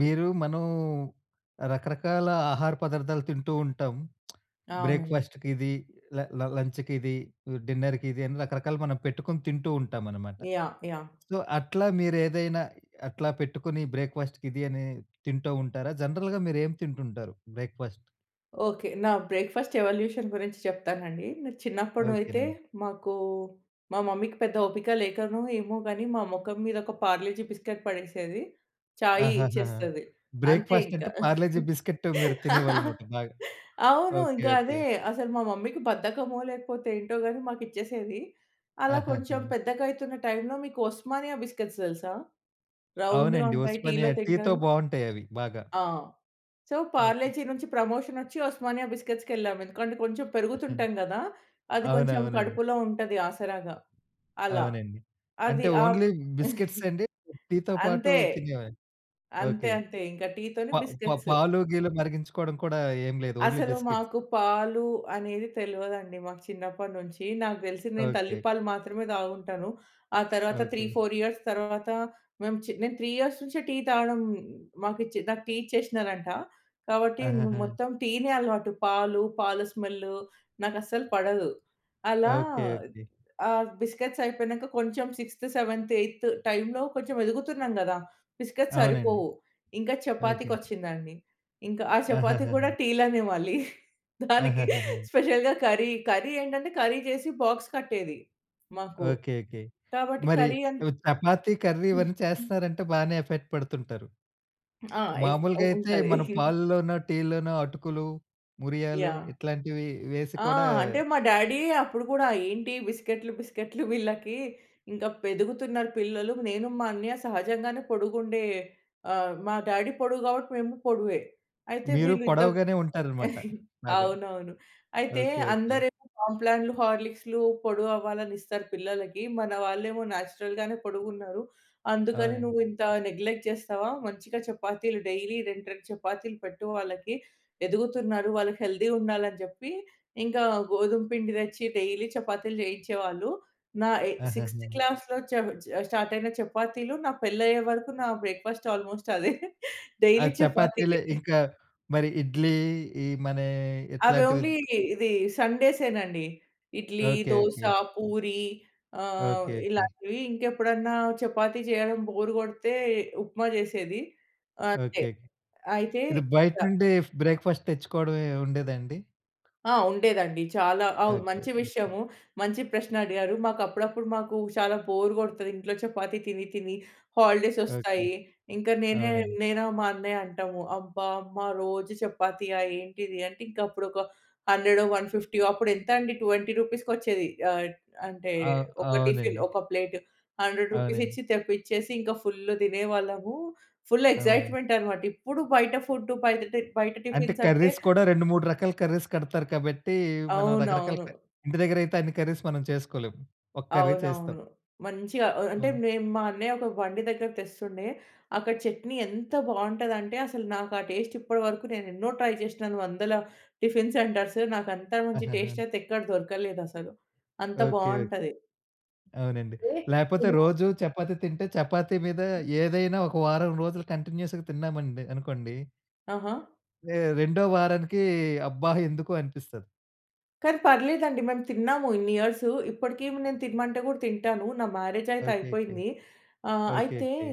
మీరు మనం రకరకాల ఆహార పదార్థాలు తింటూ ఉంటాం. అవునండి. బ్రేక్‌ఫాస్ట్‌కిది, ల ల లంచ్‌కిది, హ్మ్, డిన్నర్‌కిది అని రకరకాలుగా మనం పెట్టుకొని తింటూ ఉంటామనమాట. యాహ్! యాహ్! సో, అట్లా మీరు ఏదైనా అట్లా పెట్టుకొని బ్రేక్‌ఫాస్ట్‌కిది అని తింటూ ఉంటారా? జనరల్‌గా మీరెం తింటుంటారు బ్రేక్‌ఫాస్ట్? ఓకె. నా బ్రేక్ఫాస్ట్ ఎవల్యూషన్ గురించి చెప్తానండి. నా చిన్నప్పుడు అయితే, ఓకెనండి. మాకు మా మమ్మీకి పెద్ద ఓపిక లేకనో, ఏమో గనీ మా మొఖం మీద ఒక పార్లేజి బిస్కట్ పడేసేది. చాయి ఆహాహా! ఇచ్చేస్తది. అంతే బ్రేక్‌ఫాస్ట్ ఇంక. అంటే, పార్లేజీ బిస్కట్ మీరు తినేవాళ్ళన్నమాట బాగా. అవును. ఓకె. ఇంక ఓకె. అదే. అసలు మా మమ్మీకి బద్ధకమో, లేకపోతే ఏంటో గని మాకు ఇచ్చేసేది. అలా కొంచెం ఆహాహా! పెద్దగా అయితున్న టైమ్‌లో మీకు ఒస్మానియా బిస్కిట్స్ తెల్సా? రౌండ్‌గా అవునండి. ఉంటాయి టీలో ఉస్మానియా టీతో తింటారు. బాగుంటాయి అవి, బాగా. ఆ! So, okay. పార్లేజి నుంచి ప్రమోషనొచ్చి, ఒస్మానియా బిస్కిట్స్‌కెళ్ళాం. ఎందుకంటే, కొంచెం పెరుగుతుంటం గదా! అది కొంచెం అవునవునండి. కడుపులో ఉంటది ఆసరాగా. అలా. అవునండి. అంటే, అది ఆహ్, ఓన్లీ బిస్కిట్స్ అండి. టీతో పాటు అంతే. తినేవండి. అంతే, ఓకె. అంతే, ఇంక ప టీతోని ప బిస్కేట్స్. పాలు, గీలు మరిగించుకోవడం కూడా ఏం లేదు. ఓన్లీ అసలు బిస్కేట్స్. మాకు పాలు, అనేది తెలవదండి మాకు చిన్నప్పడ్నుంచి. నాకు దెలిసి నేను తల్లి ఓకె. పాలు మాత్రమే తాగుంటాను. ఆ తర్వాత త్రీ, ఓకె. ఫోర్ ఇయర్స్ తర్వాత, మేం చి నేను 3 ఇయర్స్ నుంచే, టీ తాగడం మాకిచ్చే నాకు టీ ఇచ్చేశ్నరంట. గాబట్టి మ్ ఆహహా! మొత్తం టీనే అలవాటు. పాలు, పాల స్మెల్లు నాకు అస్సలు పడదు. అలా ఓకె. ఓకె. ఆహ్, బిస్కెట్స్ అయిపోయినం, క కొంచెం సిక్స్త్, సెవెంత్, ఎయిత్ టైమ్‌లో కొంచెం ఎదుగుతున్నాం గదా! బిస్కెట్స్ అవునండి. సరిపోవు. ఇంకా ఓకె. చపాతీకొచ్చిందండి. ఇంక ఆ చపాతీ గూడా ఆహాహాహా! టీలనే మళ్ళీ. దానికి ఆహాహాహా! స్పెషల్‌గా కర్రీ, కర్రీ ఏంటంటే కర్రీ జెసి బాక్స్ కట్టేది, మాకు. ఓకె. ఓకె. కాబట్టి మరి కర్రీ అం ఈవ్ చపాతీ కర్రీ, హ్మ్. ఇవన్నీ చేస్తున్నారంటే, బానే ఎఫర్ట్ పెడుతుంటారు. ఆ! ఎఫ్ ఉ మామూలుగా అయితే, ఉంటది. మన పాల్లలోనో, టీల్లోనో, అటుకులు, మురియాలు యాహ్! ఇట్లాంటివి వేసి ఆ! కూడా అంటే మా డాడీయె అప్పుడు గూడా, "ఏంటి బిస్కెట్‌లు, బిస్కట్‌లు వీళ్ళకి, ఇంకా ఎదుగుతునరు పిల్లలు." నేను, మా అన్నయ్య సహజంగానే పొడుగు ఉండే ఆహ్, మా డ్యాడీ పొడువు గాబట్టి, మేము పొడువే. అయితే, మీరు వీళ్ళు ఇంతక్ పొడవుగానే ఉంటారన్నమాట. బాగా. అవునవును. అయితే, ఓకె. ఓకె. "అందరేమో కాంప్లాన్‌లు, హార్లిక్స్‌లు, పొడవు అవ్వాలని ఇస్తారు పిల్లలకి. మన వాళ్ళేమో నేచురల్‌గానే పొడుగు ఉన్నారు. అందుకని అవునండి. నువ్వు ఇంత నెగ్లెక్ట్ చేస్తవా, మంచిగా చపాతీలు డైలీ రెండు, రెండు చపాతీలు పెట్టు వాళ్ళకి. ఎదుగుతున్నారు. వాళ్ళు హెల్తీ ఉండాలని" జెప్పి ఇంకా గోధుమ పిండి దెచ్చి, డైలీ చపాతీలు జెయించేవాళ్ళు. నా ఇ సిక్స్త్ ఆహాహా! క్లాస్‌లో చను చ స్టార్ట్ అయిన చపాతీలు, నా పెళ్ళయ్యే వరకు నా బ్రేక్ఫాస్ట్ ఆల్మోస్ట్ అదే. ఆ డైలీ చపాతీలు, చపాతీయే. ఇంకా మరి ఇడ్లీ, ఈ మన అవి ఇట్లాంటివి ఓన్లీ, ఇది సండేసే నండి. ఇడ్లీ, ఓకె. దోస, ఓకె. పూరి అహ్, ఓకె. ఓకె. ఇలాంటివి ఇంకెప్పుడన్నా చపాతీ జెయడం బోర్ కొడితే, ఉప్మా జెసేది అంతే. ఓకెకె. అయితే ఇది ద బయట్నుండి ఫ్ బ్రేక్‌ఫాస్ట్ తెచ్చుకోవడం ఎం ఉండేదండి? ఆ! ఉండేదండి. చాలా అవును. ఓకే. మంచి [unintelligible] విషయము. మంచి ప్రశ్న అడిగారు. మాకప్పుడప్పుడు, మాకూ చాలా బోర్ గొడతది, ఇంట్లో చపాతీ తిని తిని. ఓకే. హాలిడేసొస్తాయి. ఇంక నేనే అవునండి. నేనా, మా అన్నయ్య అంటాము. "అబ్బా! అమ్మా రోజూ చపాతీయా ఏంటిది?" అంటే, ఇంక అప్పుడొక హండ్రెడో, వన్ ఫిఫ్టీయో అప్పుడెంతండి, 20 రూపీస్‌కొచ్చేది. ఆహ్, అంటే, ఆ! ఒక టిఫిన్, అవునండి. ఒక ప్లేట్. 100 అవునండి. రూపీసిచ్చి తెప్పిచ్చేసి, ఇంక ఫుల్లు తినేవాళ్ళము. ఫుల్ అవునండి. ఎక్సైట్‌‌మెంటనమాట. ఇప్పుడు బయట ఫుడ్డు బయట టిన్ బయట అంటే, టిఫిన్సంటే కర్రీస్ కూడా 2, 3 రకాల కర్రీస్ కడతారు. కాబట్టీ, మనం రకరకాల అవునవును. క ఇంటి దగ్గరయితే అన్ని కర్రీస్ మనం చేసుకోలేం. ఒక కర్రీ చేస్తాం. అవునవును. మంచిగా ఆహ్, అంటే, అవును. మేము మా అన్నయ్య ఒక బండి దగ్గర తెస్తుండే. అక్కడ చట్నీ ఎంత బావుంటదంటే, అసలు నాకు ఆ టేస్ట్ ఇప్పడవరకు నేనెన్నో ట్రై జేషినాను, వందల టిఫిన్ సెంటర్సు. నాకంత మంచి ఆహహ! టేస్టయితే ఎక్కడ దొరకలేదసలు. అంత ఓకే, ఓకె. బావుంటది. అవునండి. వే లేపోతే తిన్నా. రోజూ చపాతీ తింటే, చపాతీ మీద ఏదైనా ఒక వారం రోజులు కంటిన్యూస్‌గా తిన్నామండి, అనుకోండి. ఆహా! ఏ రెండో వారానికీ, అబ్బా! ఎందుకు అనిపిస్తది. కానీ పర్లేదండి. మేము తిన్నాము ఇన్ని ఇయర్సు. ఇప్పటికి నేను తినమంటే కూడా తింటాను. నా మ్యారేజ్ అయితే ఓకేకేకే. అయిపోయింది. ఆహ్, అయితే ఓకేకేకే.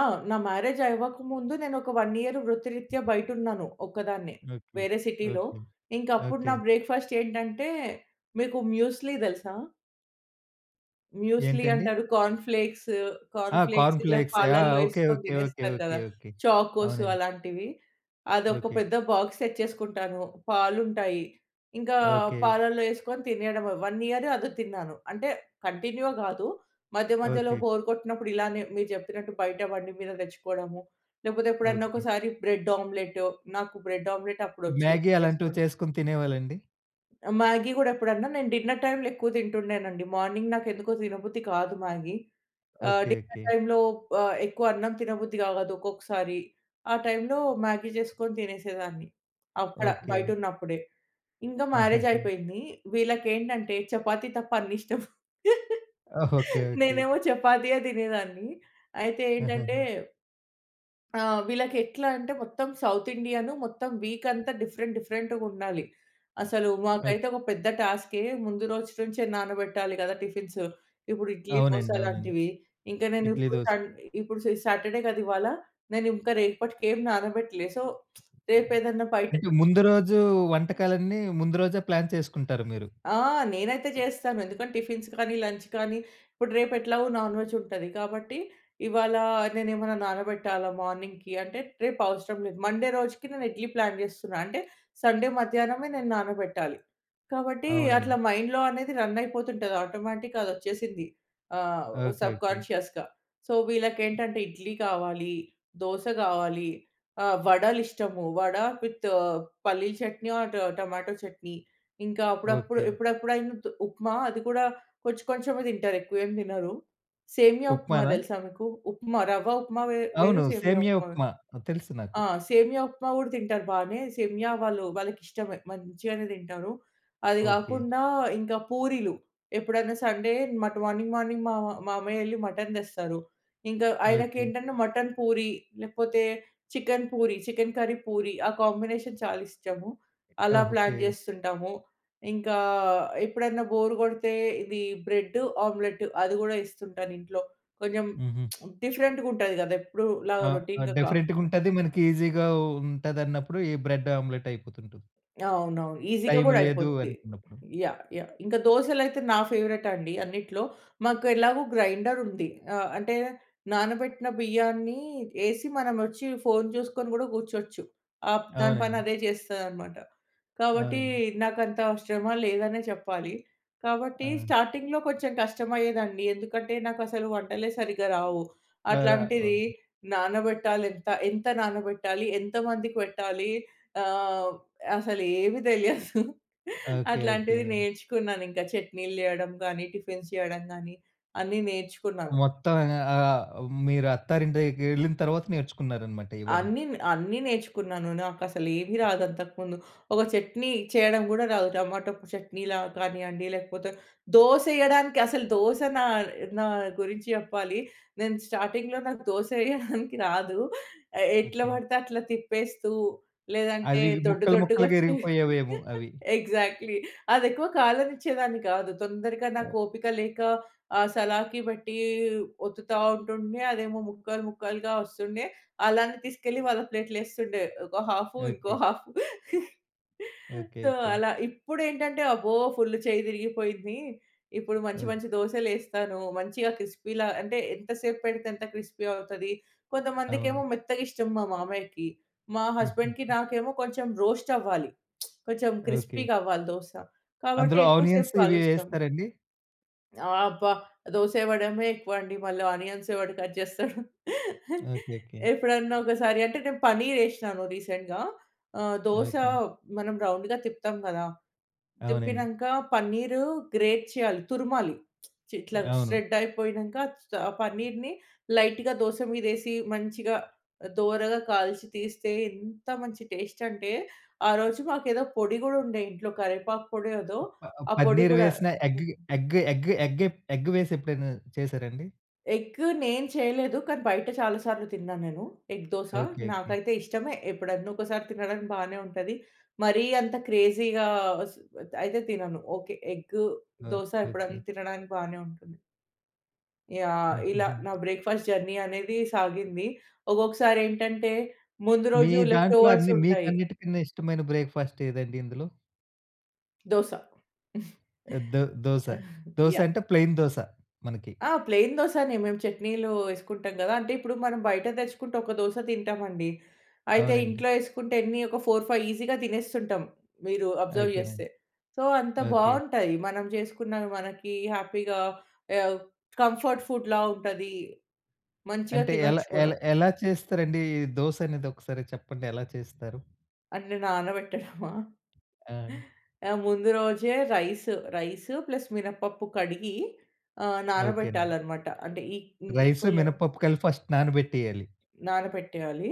ఆ! నా మ్యారేజ్ అవ్వకముందు. నేను ఒక 1 ఇయర్ వృత్తిరీత్యా బయట ఉన్నాను ఒక్కదాన్నే. ఓకే. వేరే సిటీలో. ఓకే. ఇంక అప్పుడు నా ఓకే. బ్రేక్‌ఫాస్ట్ ఏంటంటే, మీకు మ్యూస్లీ తెలుసా? మ్యూస్లీ ఏంటండి? అంటారు. Corn flakes. ఆ! కార్న్ ఫ్లేక్స్ కార్న్ ఇలా ఫ్లేక్స్. ఆహ్, పాలల్లో ఓకే. యేసుకొని ఓకే. ఓకే. తినేస్తారు కదా! ఓకే. ఓకే. చాకోస్ అవునండి. అలాంటివి. అదొక ఓకేకే. పెద్ద బాక్స్ తెచ్చేసుకుంటాను. పాలుంటాయి ఇంకా ఓకే. పాలల్లో యేసుకొని తినేయడమే. 1 ఇయర్ అది తిన్నాను. అంటే కంటిన్యూగా కాదు. మధ్య మధ్యలో ఓకే. బోర్ కొట్టినప్పుడు. ఇలానే మీరు చెప్పినట్టు బయట బండి మీద తెచ్చుకోవడము. లేకపోతే ఎప్పుడన్నా ఓకే. ఒకసారి బ్రెడ్ ఆమ్లెట్. నాకు బ్రెడ్ ఆమ్లెట్ అప్పుడు వచ్చు మ్యాగీ అలాంటివి చేసుకోడం. చేసుకొని తినేవాళ్ళ అండి? మ్యాగీ గూడా ఎప్పుడన్నా, నేను డిన్నర్ టైమ్‌లో ఎక్కువ తింటుండేనండి. మార్నింగ్ నాకు ఎందుకో తినబుద్ధి కాదు మ్యాగీ ఆహ్, ఓకే. Dinner okay. టైమ్‌లో ఆహ్, ఎక్కువ అన్నం తినబుద్ధి కావదు ఒక్కొక్కసారి. ఆ టైమ్‌లో మ్యాగీ చేసుకొని తినేసేదాన్ని. అక్కడ ఓకే. బయట ఉన్నప్పుడే. ఇంకా మ్యారేజ్ ఆహాహా! అయిపోయింది. వీళ్ళకి ఏంటంటే చపాతీ తప్ప అన్ని ఇష్టం. ఓహ్! ఓకే. ఓకే. నేనేమో చపాతీయే తినేదాన్ని. అయితే ఏంటంటే హుహుహు. ఆ! వీళ్ళకి ఎట్లా అంటే మొత్తం సౌత్ ఇండియాను మొత్తం వీక్ అంతా డిఫరెంట్ డిఫరెంట్‌గుండాలి. అసలు ఓకే. మాకైతే ఒక పెద్ద టస్కె ముందు రోజు నుంచే నానబెట్టాలి కదా టిఫిన్స్. ఇప్పుడు ఇడ్లీ దోస అవునండి. అవునండి. లాంటివి. ఇంక నేను ఇడ్లీ ఇప్పుడు దోస. సం ఇప్పుడు సి సాటర్డే కదా ఇవాళ. నేను ఇంకా రేపటికి ఏం నానబెట్టలే. సో, రేపు ఏదన్నా బయట అంటే ముందు రోజు వంటకాలన్నీ ముందు రోజే ప్లాన్ చేసుకుంటారు మీరు? ఆ! నేనైతే జేస్తాను. ఎందుకంటే టిఫిన్స్ కానీ, లంచ్ కానీ. ఇప్పుడు రేపు ఎట్లాగో నాన్‌వెజ్ ఉంటది. కాబట్టి ఇవాళ నేనేమన్నా నానబెట్టాలా మార్నింగ్‌కి అంటే, రేపు అవసరం లేదు. మండే రోజుకి నేను ఇడ్లీ ప్లాన్ చేస్తున్నా. అంటే, సండే మధ్యాహ్నమే నేను నానబెట్టాలి. కాబట్టి అవునండి. అట్లా మైండ్‌లో అనేది రన్ అయిపోతుంటది ఆటోమేటిక్‍గా అది వచ్చేసింది. ఆహ్, ఓకే ఓకే. సబ్కాన్షియస్‌గా. సో, వీళ్ళకి ఏంటంటే ఇడ్లీ కావాలి, దోస కావాలి ఆహ్, వడలు ఇష్టము. వడ విత్ పల్లీ చట్నీ ఆర్ టమాటో చట్నీ. ఇంకా అప్పుడప్పుడు ఓకే. ఎప్పుడప్పుడైనా ఉప్మా అది కూడా కొంచెం కొంచెమే తింటారు. ఎక్కువ ఏం తినరు. సేమియా ఉప్మా ఉప్మానా? తెలుసా మీకు? ఉప్మా రవ్వ ఉప్మా వే వేరు. అవును. సేమియా సేమ్య ఉప్మా వేరు. ఉప్మా! తెలుసు నాకు. ఆ! సేమియా ఉప్మా కూడా తింటారు బానే. సేమియా వాళ్ళు వాళ్ళకి ఇష్టమే. మంచిగానే తింటారు. అది ఓకే. కాకుండా ఇంకా పూరీలు ఎప్పుడైనా సండే మట్ మార్నింగ్ మార్నింగ్ మా మామయ్య యేళ్ళి మటన్ తెస్తారు. ఇంకా ఆయనకి ఓకే. ఏంటంటే మటన్ పూరి లేకపోతే chicken puri, chicken curry puri ఆ కాంబినేషన్ చాలా ఇష్టము. ఆ! అలా ప్లాన్ ఓకే. చేస్తుంటాము. ఇంకా ఎప్పుడన్నా బోర్ కొడితే, ఇది బ్రెడు ఆమ్లెటు అది కూడా ఇస్తుంటాను ఇంట్లో. కొంచెం హుహు. డిఫరెంట్‍గుంటది కదా! ఎప్పుడూ ఆ! ఇలాగా ఆ రొటీన్‌గా కాకుండా. డిఫరెంట్‌గుంటది. మనకి ఈజీగా ఊ ఉంటదన్నప్పుడు. ఈ బ్రెడ్ ఆమ్లెట్ అయిపోతుంటుంది. అవునవును. ఈజీగా టైం కూడా లేదు అయిపోతది. అనుకున్నప్పుడు. యహ్! యహ్! ఇంకా దోసలైతే నా ఫేవరైట్ అండి అన్నిట్లో. మాకు ఎలాగో గ్రైండరుంది. ఆహ్ ,అంటే నానబెట్టిన బియ్యాన్ని యేసి, మనం వచ్చి ఫోన్ చూసుకొని కూడా కూర్చోవచ్చు. ఆహ్, దాని పని అవునండి. అదే చేస్తా అనమాట. కాబట్టి అవునండి. నాకంత శ్రమ లేదనే చెప్పాలి. కాబట్టి ఆ! స్టార్టింగ్‌లో కొంచెం కష్టమయ్యేదండి. ఎందుకంటే నాకు అసలు వంటలే సరిగ్గా రావు. ఆ! ఆ! అట్లాంటిది ఓకే. నానబెట్టాలి ఎంత ఎంత నానబెట్టాలి, ఎంతమందికి పెట్టాలి. ఆహ్, అసలు ఏమీ తెలియదు. ఓకే. ఓకే. అట్లాంటిది నేర్చుకున్నాను ఇంకా చట్నీలు చేయడం కానీ, టిఫిన్స్ చేయడం కానీ అన్నీ నేర్చుకున్నాను. మొత్తం ఆహ్, ఆహ్, మీరు అత్తారింటికి యేళ్ళిన తర్వాత నేర్చుకున్నారనమాట ఇవన్నీ? అన్నీ అన్నీ నేర్చుకున్నాను. నాకు అసలు ఏమీ రాదు అంతకుముందు. ఒక చట్నీ చేయడం కూడా రాదు. టమాటో చట్నీలా కానీయండి లేకపోతే దోస యేయడానికి అసలు దోస నా నా గురించి చెప్పాలి. నేను స్టార్టింగ్‌లో నాకు దోస యేయడానికి రాదు. ఆహ్, ఎట్ల ఓకే. పడితే అట్లా తిప్పేస్తూ లేదంటే, అవి దొడ్డు ముక్కలు దొడ్డుగా ముక్కలుగా వచ్చేవి. ఇరిగిపోయేవేమో అవి. ఎగ్జాక్ట్‌లీ. అది ఎక్కువ కాలనిచేదాని కాదు. తొందరగా నాకు ఓపిక లేక ఆ సలాకి పెట్టి ఒత్తుతా ఉంటుండే, అదేమో ముక్కలు ముక్కలుగా వస్తుండే. అలానే తీసుకెళ్ళి వాళ్ళ ప్లేట్‌లో యేస్తుండే. ఒక హాఫు ఇంకో okay. Half. Okay. So, okay. అలా. ఇప్పుడేంటంటే అబ్బో! ఫుల్ చెయ్యి తిరిగిపోయింది. ఇప్పుడు మంచి ఓకే. మంచి దోసలు యేస్తాను. మంచిగా క్రిస్పీలా అంటే, ఎంతసేపు పెడితే ఎంత క్రిస్పీ అవుతది. కొంతమందికేమో అవును. మెత్తగిష్టం మా మామయ్యకి. మా హస్బెండ్‍కి హుహుహు. నాకేమో కొంచెం రోస్ట్ అవ్వాలి. కొంచెం ఓకే. క్రిస్పీగవ్వాలి దోస. కాబట్టి అందులో ఎక్కువ సేపు ఆనియన్స్ ఇవి కాలుస్తాం. యేస్తారండి? అబ్బా! దోస ఇవడమే ఎక్కువండి. మళ్ళ ఆనియన్స్ ‌ఏవడు కట్ చేస్తాడు. ఓకే. ఓకే. ఎప్పుడన్నా ఒకసారి అంటే నేను పన్నీర్ యేశినాను రీసెంట్‌గా. ఆహ్, దోస ఓకే. మనం రౌండ్‌గా తిప్పుతాం కదా! అవునండి. తిప్పినాంక పన్నీరు గ్రేట్ చేయాలి. తురుమాలి. చిట్లా అవును. ష్రెడ్ అయిపోయినాంక. చ ఆ పన్నీర్‌ని లైట్‌గా దోస మీద ఏసి, మంచిగా దోరగా కాల్చి తీస్తే. ఎంత మంచి టేస్ట్ అంటే, ఆ రోజు మాకేదో పొడి గూడా ఉండే ఇంట్లో. కరివేపాకు పొడి ఏదో ప ఆ పొడి పన్నీర్ గూడా వేసిన ఎగ్‌కి ఎగ్ ఎగ్ ఎగ్ ఏ ఎగ్ వేసి ఎప్పుడైనా చేసారా అండి? ఎగ్ నేను చేయలేదు. కానీ, బయట చాలాసార్లు తిన్నా నేను. Egg dosa okay. ఓకే. నాకైతే ఇష్టమే ఎప్పుడన్నా ఒకసారి తినడానికి బానే ఉంటది. మరీ అంత క్రేజీగా స్ అయితే తినను. ఓకే, ఎగ్ ఓహ్! దోస ఎప్పుడన్నా ఓకే. తినడానికి బానే ఉంటుంది. యాహ్. ఇలా నా హుహుహు. బ్రేక్‌ఫాస్ట్ జర్నీ అనేది సాగింది. ఒక్కొక్కసారి ఏంటంటే ముందు మీ రోజు దాంట్లో లెఫ్టోవర్స్ అన్ని ఉంటాయి. మీకన్నిటికన్నా ఇష్టమైన బ్రేక్‌ఫాస్ట్ ఏదండి ఇందులో? దోస ఆ! దో దోస, దోస యాహ్. అంటే ప్లెయిన్ దోస మనకి. ఆ! ప్లెయిన్ దోసనే, మేము చట్నీలు యేసుకుంటాం కదా! అంటే ఇప్పుడు మనం బయట తెచ్చుకుంటే ఒక దోస తింటామండి. అయితే అవునండి. ఇంట్లో యేసుకుంటే, ఎన్ని ఒక 4, 5 ఈజీగా తినేస్తుంటాం. మీరు అబ్జర్వ్ ఓకేనండి. చేస్తే. సో, అంత ఓకే. బాంటాయి. మనం చేసుకున్న మనకి హ్యాపీగా యావ్ కంఫర్ట్ ఫుడ్‌లా ఉంటది. మంచిగా అంటే ఎలా తినొచ్చు కూడా. ఎలా ఎలా చేస్తారండి? ఈ దోస అనేది ఒకసారి చెప్పండి ఎలా చేస్తారు? అన్ని నానబెట్టడమా? ఆ! ఆ! ముందు రోజే రైసు రైసు ప్లస్ మినపప్పు కడిగి ఆహ్, ఓకేనండి. నానబెట్టాలనమాట. అంటే ఈ రైసు ఈక్వెలు మినపప్పు కలిపి ఫస్ట్ నానబెట్టేయాలి. నానపెట్టేయాలి.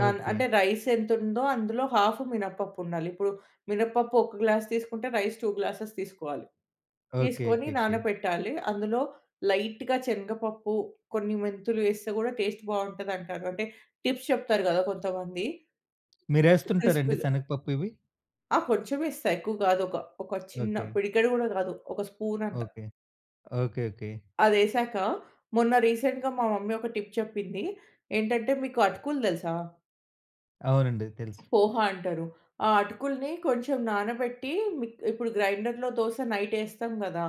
నాన్ అంటే ఓకే. రైస్ ఎంతుందో అందులో ½ మినపప్పు ఉండాలి. ఇప్పుడు మినపప్పు ఒక గ్లాస్ తీసుకుంటే, రైస్ 2 గ్లాస్సెస్ తీసుకోవాలి. తీసుకొని ఓకేకేకే. నానపెట్టాలి. అందులో లైట్‌గా చనగపప్పు కొన్ని మెంతులు ఏస్తే, కూడా టేస్ట్ బాగుంటుందంటారు. అంటే టిప్స్ చెప్తారు గదా! కొంతమంది. మీరేస్తుంటారండి క్రిస్పీగా. శనగపప్పు ఇవి? ఆ! కొంచెం ఏస్తా. ఎక్కువ కాదు. ఒక ఒక చిన్న ఓకే. పిడికెడు కూడా కాదు ఒక స్పూన్ అంత. ఓకే. Okay, okay. అది ఏసాక మొన్న రీసెంట్‌గా మా మమ్మీ ఒక టిప్ చెప్పింది. ఏంటంటే మీకు అటుకులు తెలుసా? అవునండి. తెలుసు. పోహ అంటారు. ఆ అటుకుల్ని కొంచెం నానబెట్టి మి ఇప్పుడు గ్రైండర్‌‌‌లో దోస నైట్ ఏస్తాం గదా!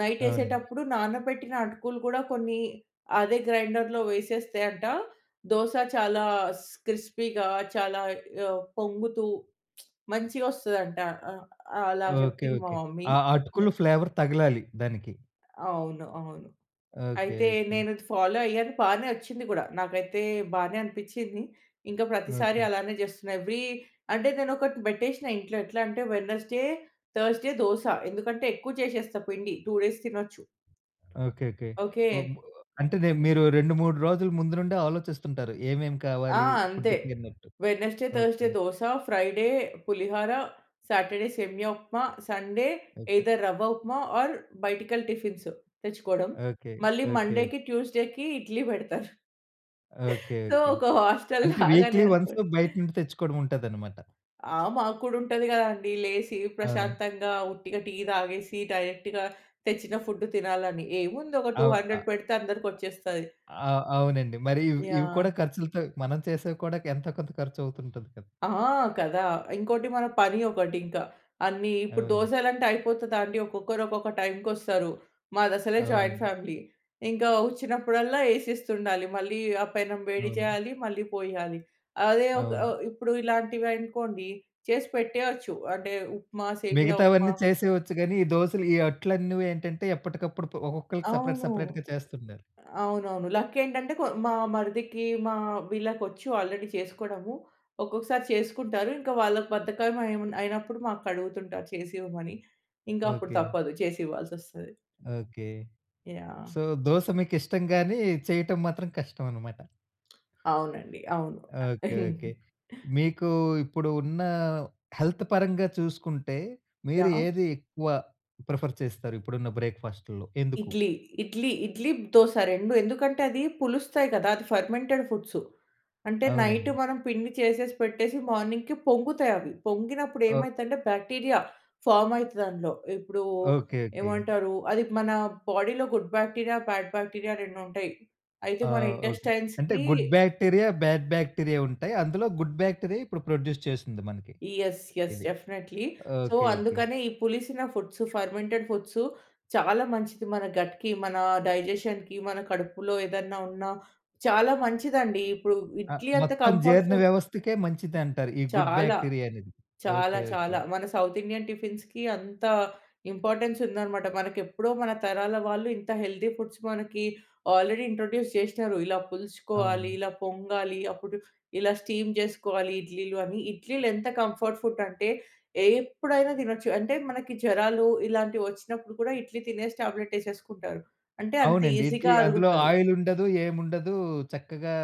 నైట్ అవునండి. ఏసేటప్పుడు నానబెట్టిన అటుకులు కూడా కొన్ని అదే గ్రైండర్‌లో వేసేస్తే అంట దోస చాలా స్ క్రిస్పీగా చాలా ఆహ్, పొంగుతూ మంచిగా వస్తదంట. ఆహ్, అలా ఓకే. చెప్పింది మా ఓకే. మమ్మీ. ఆ నె అటుకులు ఫ్లేవర్ తగలాలి దానికి. అవును. అవును. ఓకే. అయితే ఓకే. నేను అది ఫాలో అయ్యాను. బానే వచ్చింది కూడా. నాకైతే బానే అనిపిచ్చింది. ఇంకా ప్రతిసారి ఓకే. అలానే చేస్తున్నా. ఏవ్రీ అంటే నేనొకటి పెట్టేసిన ఇంట్లో ఎట్లా అంటే వెనెస్‌డే, థర్స్‌డే దోస. ఎందుకంటే ఎక్కువ చేసేస్తా పిండి 2 డేస్ తినొచ్చు. ఓకే. ఓకే. ఓకే. ఉ మ అంటే నే మీరు 2, 3 రోజులు ముందు నుండే ఆలోచిస్తుంటారు. ఏమేమి ఆ! కావాలి అంతే. ఫుడ్‌‌కి అన్నట్టు. Wednesday, Thursday okay. Dosa, Friday పులిహార, సాటర్‌డే సేమియా ఉప్మా, సండే ఓకే. ఐదర్ రవ్వ ఉప్మా ఆర్ బయటికెళ్ళి టిఫిన్సు తెచ్చుకోవడం. ఓకే. మళ్ళీ ఓకే. మండేకి, ట్యూస్‌డేకి ఇడ్లీ పెడతా. ఓకే. So okay. ఒక అంటే హాస్టల్‌లాగానే వీక్లీ వన్సు అనుకోండి. బయట నుండి తెచ్చుకోవడం ఉంటదన్నమాట. ఆ! మాకు కూడా ఉంటది కదండీ. లేసి అవునా! ప్రశాంతంగా ఉట్టిగా టీ తాగేసి డైరెక్ట్‌గా తెచ్చిన ఫుడ్ తినాలని. ఏముంది ఒక టూ అవ్ హండ్రెడ్ ఆ! పెడితే అందరికి వచ్చేస్తది. ఆ! అవునండి. మరి ఇవి కూడా యాహ్! ఖర్చులతో మనం చేసేవి కూడా ఎంతో కొంత ఖర్చు అవుతుంటది కదా! ఆ! కదా! ఇంకోటి మన పని ఒకటి ఇంకా. అన్నీ ఇప్పుడు అవును. దోసలంటే అయిపోతదాండి. ఒక్కొక్కరు ఒక్కొక్క టైంకొస్తారు. మాదసలే జాయింట్ అవునండి. ఫ్యామిలీ. ఇంకా వచ్చినప్పుడల్లా ఏసిస్తుండాలి. మళ్ళీ ఆ పెనం వేడి అవును. చేయాలి, మళ్ళీ పోయాలి. అదే ఒక అవును. ఇప్పుడు ఇలాంటివి అనుకోండి చేసి పెట్టేయచ్చు. అంటే ఉప్మా, సేమియా ఉప్మా. మిగతావన్నీ చేసేవచ్చు. కానీ ఈ దోసలు ఈ అట్లన్నీవి ఏంటంటే ఎప్పటికప్పుడు ప ఒక్కొక్కళ్ళికి సేపరేట్, అవును. సెపరేట్‌గా చేస్తుండారు. అవునవును. లక్ ఏంటంటే కొ మా మరిదికి మా వీళ్ళకొచ్చు ఆల్రెడీ చేసుకోవడము. ఒక్కొక్కసారి చేసుకుంటారు. ఇంకా వాళ్ళకి బద్ధకం అయి అయినప్పుడు మాకడుగుతుంటారు చేసి ఇవ్వమని. ఇంకా అప్పుడు ఓకే. తప్పదు చేసి ఇవ్వాల్సొస్తది. ఓకే. యాహ్! సో దోస మీకిష్టం గాని చేయటం మాత్రం కష్టం అనమాట. అవునండి. అవును. ఓకే. ఓకే. మీకు ఇప్పుడు ఉన్న హెల్త్ పరంగా చూసుకుంటే, మీరు యాహ్! ఏది ఎక్కువ ప్రిఫర్ చేస్తారు? ఇప్పుడున్న బ్రేక్ఫాస్ట్‌లో ఎందుకు? ఇడ్లీ. ఇడ్లీ ఇడ్లీ, దోస 2 ఎందుకంటే అది పులుస్తాయి కదా! అది ఫెర్మెంటెడ్ ఫుడ్సు. అంటే నైట్ అవునండి. మనం పిండి చేసేసి, పెట్టేసి మార్నింగ్‌కి పొంగుతాయవి. పొంగినప్పుడు ఓహ్! ఏమైదంటే బ్యాక్టీరియా ఫార్మ్ అయితది అందులో. ఇప్పుడు ఓకే. ఓకే. ఏమంటారు అది మన బాడీలో గుడ్ బ్యాక్టీరియా, బ్యాడ్ బ్యాక్టీరియా 2 ఉంటాయి. అయితే ఆ! మన ఓకే. అంటే ఇంటెస్టైన్స్‌కి గుడ్ బ్యాక్టీరియా, బాడ్ బ్యాక్టీరియా ఉంటాయి. అందులో గుడ్ బ్యాక్టీరియా ఇప్పుడు ప్రొడ్యూస్ చేస్తుంది మనకి. యస్. యస్ ఇది. డెఫినెట్‌లీ. So okay. ఓకే. అందుకనే ఈ పులిసిన ఫుడ్సు ఫర్మెంటెడ్ ఫుడ్సు చాలా మంచిది. మన గట్‌కి మన డైజెషన్‌కి మన కడుపులో ఏదన్నా ఉన్న చాలా మంచిదండి. ఇప్పుడు ఆ! ఇడ్లీ అంత మొత్తం కంఫర్ట్ జీర్ణ ఫుడ్ వ్యవస్థకే మంచిదంటారు. ఈ గుడ్ చాలా. బ్యాక్టీరియా అనేది. చాలా ఓకే. ఓకే. చాలా. మన సౌత్ ఇండియన్ టిఫిన్స్‌కి అంత ఇంపార్టెన్స్ ఉందనమాట. మనకెప్పుడో మన తరాల వాళ్ళు ఇంత హెల్తీ ఫుడ్స్ మనకి ఆల్రెడీ ఇంట్రొడ్యూస్ చేసినరు. ఇలా పులుసుకోవాలి, అవునండి. ఇలా పొంగాలి. అప్పుడు ఇలా స్టీమ్ చేసుకోవాలి ఇడ్లీలు అని. ఇడ్లీలు ఎంత కంఫర్ట్ ఫుడ్ అంటే ఎప్పుడైనా తినొచ్చు. అంటే మనకి జ్వరాలు ఇలాంటివి వచ్చినప్పుడు కూడా ఇడ్లీ తినేసి టాబ్లెట్ ఏసేసుకుంటారు. అంటే అంత అవునండి. ఇడ్లీ ఈజీగా అందులో అరుగుతది. ఆయిల్ ఉండదు. ఏముండదు. చక్కగా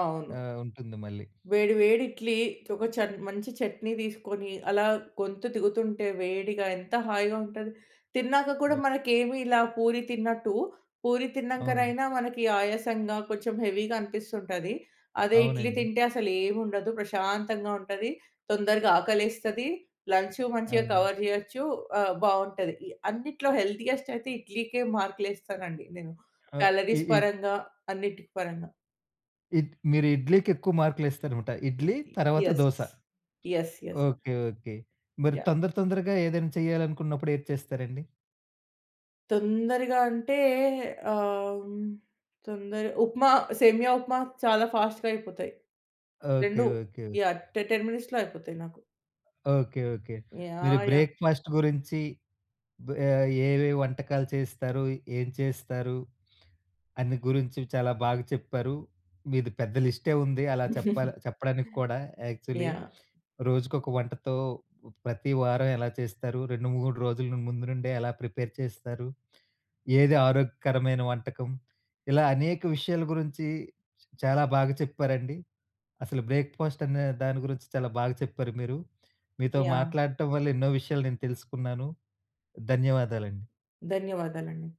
అవును. ఆహ్, ఉంటుంది. మళ్ళీ వేడి, వేడి ఇడ్లీతో చన్ మంచి చట్నీ తీసుకొని, అలా గొంతు దిగుతుంటే వేడిగా ఎంత హాయిగా ఉంటది. తిన్నాక కూడా ఓహ్! మనకేమి ఇలా పూరి తిన్నట్టు, పూరి అవును. తిన్నంకనైనా మనకి ఆయాసంగా కొంచెం హెవీగా అనిపిస్తుంటుంది. అదే ఇడ్లీ అవునండి. తింటే అసలేం ఉండదు. ప్రశాంతంగా ఉంటది. తొందరగా ఆకలేస్తది. లంచు మంచిగా అవును. కవర్ చేయొచ్చు. ఆహ్, బావుంటది. అన్నిట్లో హెల్తీయెస్ట్ అయితే ఇడ్లీకే మార్కులు ఏస్తానండి నేను. ఆ! ఇ క్యాలరీస్ ఇప్ పరంగా, అన్నిటికి పరంగా. ఇట్ మీరు ఇడ్లీకి ఎక్కువ మార్కులేస్తారన్నమాట. ఇడ్లీ తర్వాత yes. Dosa. Yes. Yes. Okay. Okay. మరి యాహ్! తొందర, తొందరగా ఏదైనా చేయాలనుకున్నప్పుడు ఏది చేస్తారండి? తొందరగా అంటే ఆహ్, తొందర ఉప్మా, సేమియా ఉప్మా. చాలా ఫాస్ట్‌గా అయిపోతాయి. ఓకే. 2 ఓకే. యాహ్! టె టెన్ మినిట్స్‌లో అయిపోతాయి నాకు. ఓకే. ఓకే. మీరు యాహ్! యాహ్! బ్రేక్ఫాస్ట్ గురించి బ ఏవేవి వంటకాలు చేస్తారు, ఏం చేస్తారు. అన్ని గురించి చాలా బాగా చెప్పారు. మీది పెద్ద లిస్టే ఉంది. అలా చెప్పాల చెప్పడానికి కూడా యాక్చువలీ. యాహ్! రోజుకొక వంటతో ప్రతి వారం ఎలా చేస్తారు. 2, 3 రోజులు ముందు నుండే ఎలా ప్రిపేర్ చేస్తారు. ఏది ఆరోగ్యకరమైన వంటకం ఇలా అనేక విషయాల గురించి చాలా బాగా చెప్పారండి. అసలు బ్రేక్ఫాస్ట్ అనే దాని గురించి చాలా బాగా చెప్పారు మీరు. మీతో యాహ్! మాట్లాడటం వల్ల ఎన్నో విషయాలు నేను తెలుసుకున్నాను. ధన్యవాదాలండి. ధన్యవాదాలండి.